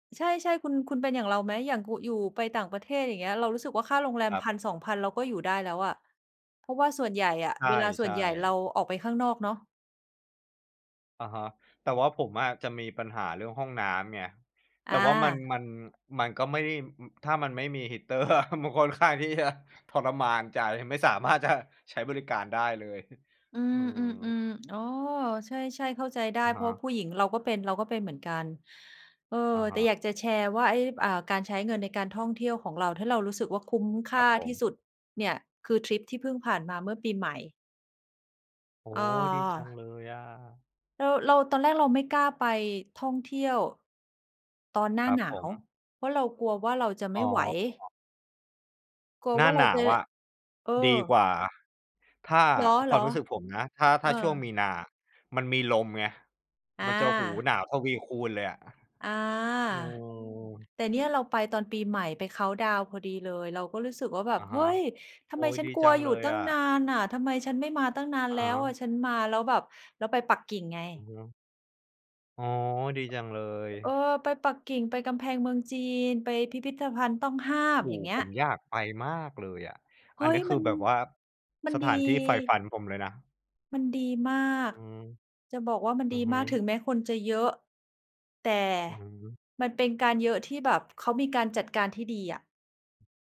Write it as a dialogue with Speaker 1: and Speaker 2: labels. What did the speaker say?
Speaker 1: ใช่ ๆ คุณ คุณเป็นอย่างเราไหม? อย่างกุ อยู่ไปต่างประเทศอย่างเงี้ย เรารู้สึกว่าค่าโรงแรม
Speaker 2: ครั
Speaker 1: พ
Speaker 2: บ
Speaker 1: ันสองพัน เราก็อยู่ได้แล้วอะ เพราะว่าส่วนใหญ่อะ
Speaker 2: ใ
Speaker 1: เวลาส่
Speaker 2: ช
Speaker 1: ว
Speaker 2: ่
Speaker 1: นใหญ่เรา
Speaker 2: ๆ
Speaker 1: ออกไปข้างนอกเนาะ
Speaker 2: อะฮะ แต่ว่าผมอะ จะมีปัญหาเรื่องห้องน้ำไง แต
Speaker 1: อ
Speaker 2: ่ว่ามัน
Speaker 1: า
Speaker 2: มัน มันก็ไม่ได้ ม ถ้ามันไม่มี heater อะ มันค่อนข้างที่จะ ทรมานใจ ไม่ สามารถจะ ใช้บริการได้เลย
Speaker 1: อื
Speaker 2: อือฮึ
Speaker 1: ม ๆ ๆ อ๋อ ใช่ ๆ เข้าใจได้
Speaker 2: อะ
Speaker 1: เ
Speaker 2: ฮ
Speaker 1: พราะ
Speaker 2: ะ
Speaker 1: ผู้หญิงเราก็เป็น เราก็เป็นเหมือนกัน เอ่อ
Speaker 2: อะฮ
Speaker 1: แต่อ
Speaker 2: ะ
Speaker 1: ยากจะแชร์ว่า ไอ้ อ่า การใช้เงินในการท่องเที่ยวของเรา ถ้าเรารู้สึกว่าคุ้มค
Speaker 2: คร
Speaker 1: ่
Speaker 2: ั
Speaker 1: า
Speaker 2: บผ
Speaker 1: ที่
Speaker 2: ม
Speaker 1: สุดเนี่ย คือทริปที่เพิ่งผ่านมาเมื่อปีใหม่
Speaker 2: โอ้!
Speaker 1: เ
Speaker 2: ดีจัง
Speaker 1: ออ
Speaker 2: เลยอะ
Speaker 1: เรา เรา ตอนแรกเราไม่กล้าไปท่องเที่ยว ตอนหน้
Speaker 2: ค
Speaker 1: า
Speaker 2: รับ
Speaker 1: หน
Speaker 2: ผ
Speaker 1: าว
Speaker 2: ม
Speaker 1: เพราะเรากลัวว่าเราจะไ
Speaker 2: อ
Speaker 1: ม
Speaker 2: ๋
Speaker 1: ่ไหว
Speaker 2: อ
Speaker 1: กลัว
Speaker 2: หน้
Speaker 1: ว
Speaker 2: า
Speaker 1: ่าเร
Speaker 2: หน
Speaker 1: า
Speaker 2: า
Speaker 1: จ
Speaker 2: ว
Speaker 1: ะ
Speaker 2: อะ
Speaker 1: เออ
Speaker 2: ดีกว่า ถ้า
Speaker 1: เหร
Speaker 2: ความ
Speaker 1: อ
Speaker 2: รู้สึกผมนะ ถ้า
Speaker 1: ๆ เ
Speaker 2: ถ
Speaker 1: อ
Speaker 2: ้าช่วงม
Speaker 1: อ
Speaker 2: ีนา มันมีลมไง
Speaker 1: อ
Speaker 2: มันจะ โอ้โฮ!
Speaker 1: า
Speaker 2: หนาวทวีคูณเลยอะ
Speaker 1: อา
Speaker 2: เออ
Speaker 1: แต่เนี่ยเราไปตอนปีใหม่ ไปเคานต์ดาวน์พอดีเลย เราก็รู้สึกว่า แบ
Speaker 2: อ
Speaker 1: บ
Speaker 2: ะ
Speaker 1: เ
Speaker 2: ฮ
Speaker 1: ฮ
Speaker 2: ะ
Speaker 1: ้ย! ท
Speaker 2: โ
Speaker 1: ำ
Speaker 2: อ๊
Speaker 1: ไม
Speaker 2: ย
Speaker 1: ฉั
Speaker 2: ด
Speaker 1: น
Speaker 2: ี
Speaker 1: กล
Speaker 2: จ
Speaker 1: ั
Speaker 2: ั
Speaker 1: ว
Speaker 2: ง
Speaker 1: อ
Speaker 2: เ
Speaker 1: ย
Speaker 2: ล
Speaker 1: ู่
Speaker 2: ย
Speaker 1: ตั้
Speaker 2: อ
Speaker 1: งน
Speaker 2: ะ
Speaker 1: านน่ะ ทำไมฉันไม่มาตั้งนาน
Speaker 2: อะ
Speaker 1: แล
Speaker 2: ฮ
Speaker 1: ้วอ
Speaker 2: ะ
Speaker 1: ะ ฉันมาแล้วแบบ เราไปปักกิ่งไ
Speaker 2: อือ
Speaker 1: ง
Speaker 2: ฮึ อ๋อ ดีจังเลย
Speaker 1: เออ ไปปักกิ่ง ไปกำแพงเมืองจีน ไปพิพิธภัณฑ์ต้องห้าม
Speaker 2: โอ้
Speaker 1: อย่
Speaker 2: โ
Speaker 1: า
Speaker 2: ฮ!
Speaker 1: งเงี้
Speaker 2: ผ
Speaker 1: ย
Speaker 2: มอยากไปมากเลยอะ
Speaker 1: เฮ
Speaker 2: อั
Speaker 1: ้
Speaker 2: นเนี
Speaker 1: ย!
Speaker 2: ้ยค
Speaker 1: ม
Speaker 2: ื
Speaker 1: ั
Speaker 2: อ
Speaker 1: น
Speaker 2: แบบว่า
Speaker 1: มัน
Speaker 2: สถ
Speaker 1: ดี
Speaker 2: านที่ใฝ่ฝันผมเลยนะ
Speaker 1: มันดีมา
Speaker 2: อื
Speaker 1: ก
Speaker 2: ม
Speaker 1: จะบอกว่ามัน
Speaker 2: อื
Speaker 1: ด
Speaker 2: อ
Speaker 1: ี
Speaker 2: ฮ
Speaker 1: มาก ถ
Speaker 2: ึ
Speaker 1: ึงแม้คนจะเยอะ แต่
Speaker 2: อือฮึ
Speaker 1: มันเป็นการเยอะที่แบบเขามีการจัดการที่ดีอะ